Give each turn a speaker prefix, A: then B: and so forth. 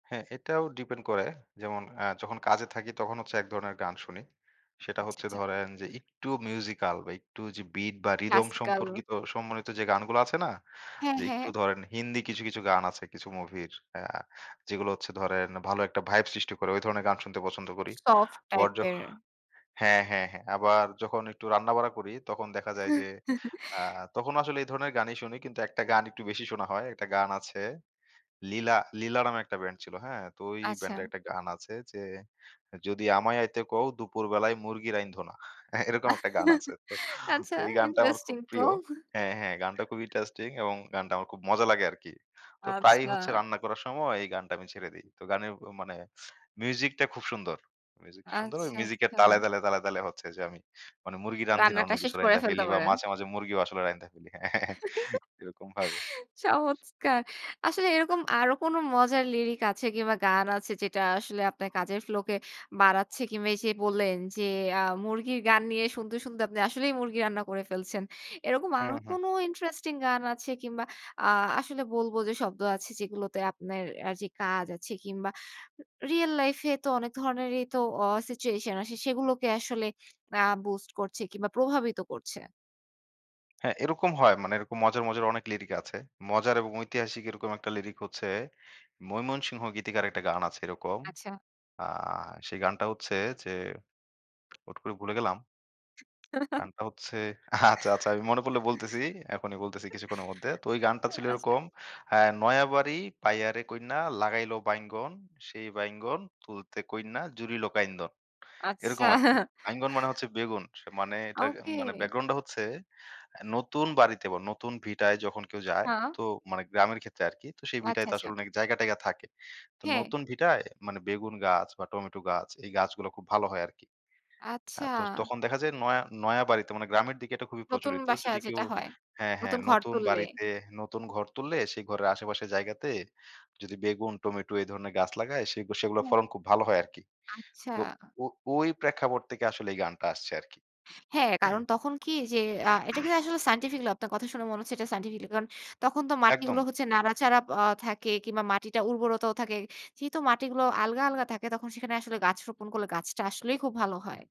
A: হ্যাঁ, এটাও ডিপেন্ড করে যেমন আ যখন কাজে থাকি তখন হচ্ছে এক ধরনের গান শুনি। সেটা
B: আচ্ছা,
A: হচ্ছে
B: আচ্ছা।
A: ধরেন যে একটু মিউজিক্যাল বা একটু যে বিট বা রিদম
B: ক্লাসিক্যাল।
A: সম্পর্কিত সম্বিত যে গানগুলো আছে না?
B: হ্যাঁ,
A: যে একটু
B: হ্যাঁ।
A: ধরেন হিন্দি কিছু, কিছু গান আছে কিছু মুভির আ যেগুলো হচ্ছে ধরেন ভালো একটা ভাইব সৃষ্টি করে ওই ধরনের গান শুনতে পছন্দ করি।
B: সফট
A: আবার
B: টাইপ
A: যখ
B: এর।
A: হ্যাঁ, হ্যাঁ, হ্যাঁ আবার যখন একটু রান্না-বাড়া করি তখন দেখা যায় যে আ তখনও আসলে এই ধরনের গানই শুনি কিন্তু একটা গান একটু বেশি শোনা হয়, একটা গান আছে 'Leela' 'Leela' নামে একটা ব্যান্ড ছিল, হ্যাঁ? তো ওই
B: আচ্ছা।
A: ব্যান্ডে একটা গান আছে যে 'যদি আমায় আইতে কও দুপুরবেলায় মুরগি রাইন্ধ না।' হ্যাঁ, এরকম একটা গান আছে। তো, তো
B: আচ্ছা
A: এই গানটা আমার
B: ইন্টারেস্টিং
A: খুব
B: তো।
A: প্রিয় হ্যাঁ, হ্যাঁ গানটা খুব ইন্টারেস্টিং এবং গানটা আমার খুব মজা লাগে আরকি। তো প্রায়ই হচ্ছে
B: আচ্ছা।
A: রান্না করার সময় এই গানটা আমি ছেড়ে দেই। তো গানের উ মানে মিউজিকটা খুব সুন্দর, মিউজিকটা সুন্দর ওই
B: আচ্ছা,
A: মিউজিকের তালে,
B: আচ্ছা।
A: তালে, তালে, তালে হচ্ছে যে আমি মানে মুরগি রান্ধি না
B: রান্নাটা
A: অন্য
B: শেষ
A: কিছু
B: করে
A: রাইন্দা
B: ফেলতে
A: ফেলি বা
B: পারেন।
A: মাঝে, মাঝে মুরগিও আসলে রাইন্দা ফেলি হ্যাঁ, হ্যাঁ, হ্যাঁ এরকম ভাবে।
B: চমৎকার আসলে এরকম আরো কোনো মজার লিরিক আছে কিংবা গান আছে যেটা আসলে আপনার কাজের ফ্লোকে বাড়াচ্ছে কিংবা এইযে বললেন যে আ মুরগির গান নিয়ে শুনতে, শুনতে আপনি আসলেই মুরগি রান্না করে ফেলছেন। এরকম
A: হু,
B: আরো
A: হু।
B: কোনো ইন্টারেস্টিং গান আছে কিংবা আ আসলে বলবো যে শব্দ আছে যেগুলোতে আপনের আ যে কাজ আছে কিংবা রিয়াল লাইফ এ তো অনেক ধরনেরই তো আ সিচুয়েশন আছে সেগুলোকে আসলে আ বুস্ট করছে কিংবা প্রভাবিত করছে?
A: হ্যাঁ, এরকম হয় মানে এরকম মজার, মজার অনেক লিরিক আছে। মজার এবং ঐতিহাসিক এরকম একটা লিরিক হচ্ছে ময়মনসিংহ গীতিকার একটা গান আছে এরকম,
B: আচ্ছা।
A: আ সেই গানটা হচ্ছে যে হুট করে ভুলে গেলাম। গানটা হচ্ছে আচ্ছা, আচ্ছা আমি মনে পড়লে বলতেছি, এখনই বলতেছি কিছুক্ষণের মধ্যে। তো ওই গানটা ছিল
B: আচ্ছা।
A: এরকম আ 'নয়াবাড়ি পাইয়ারে কইন্যা লাগাইলো বাইঙ্গন, সেই বাইঙ্গন তুলতে কইন্যা জুড়িল কাইন্দন।'
B: আচ্ছা।
A: এরকম আরকি বাইঙ্গন মানে হচ্ছে বেগুন স মানে এটার
B: ওকে।
A: মানে ব্যাকগ্রাউন্ডটা হচ্ছে, আ নতুন বাড়িতে ব নতুন ভিটায় যখন কেউ যায়,
B: হ্যাঁ।
A: তো মানে গ্রামের ক্ষেত্রে আরকি তো সেই ভিটায়
B: আচ্ছা,
A: তো
B: আচ্ছা।
A: আসলে অনেক জায়গা-টায়গা থাকে। তো
B: হ্যাঁ।
A: নতুন ভিটায় মানে বেগুন গাছ বা টমেটো গাছ, এই গাছগুলো খুব ভালো হয় আরকি। আ
B: আচ্ছা।
A: তো তখন দেখা যায় নয়া, নয়া বাড়িতে মানে গ্রামের দিকে এটা খুবই
B: নতুন
A: প্রচলিত
B: বাসা
A: যদি কেউ
B: যেটা হয়,
A: হ্যাঁ, হ্যাঁ
B: নতুন ঘর
A: নতুন
B: তুললে।
A: বাড়িতে নতুন ঘর তুললে সেই ঘরের আশেপাশের জায়গাতে যদি বেগুন, টমেটো এ ধরনের গাছ লাগায় সেগু সেগুলোর
B: হুম।
A: ফলন খুব ভালো হয় আরকি।
B: আচ্ছা।
A: তো ও ওই প্রেক্ষাপট থেকে আসলে এই গানটা আসছে আরকি,
B: হ্যাঁ,
A: হ্যাঁ?
B: কারণ তখন কি যে আ এটা কিন্তু আসলে সায়েন্টিফিক্যালই আপনার কথা শুনে মনে হচ্ছে এটা সায়েন্টিফিক্যালই কারণ তখন তো
A: একদম।
B: মাটিগুলো হচ্ছে নাড়াচাড়া আ থাকে কিংবা মাটিটা উর্বরতাও থাকে যেহেতু মাটিগুলো আলগা, আলগা থাকে তখন সেখানে আসলে গাছ রোপণ করলে গাছটা আসলেই খুব ভালো হয়।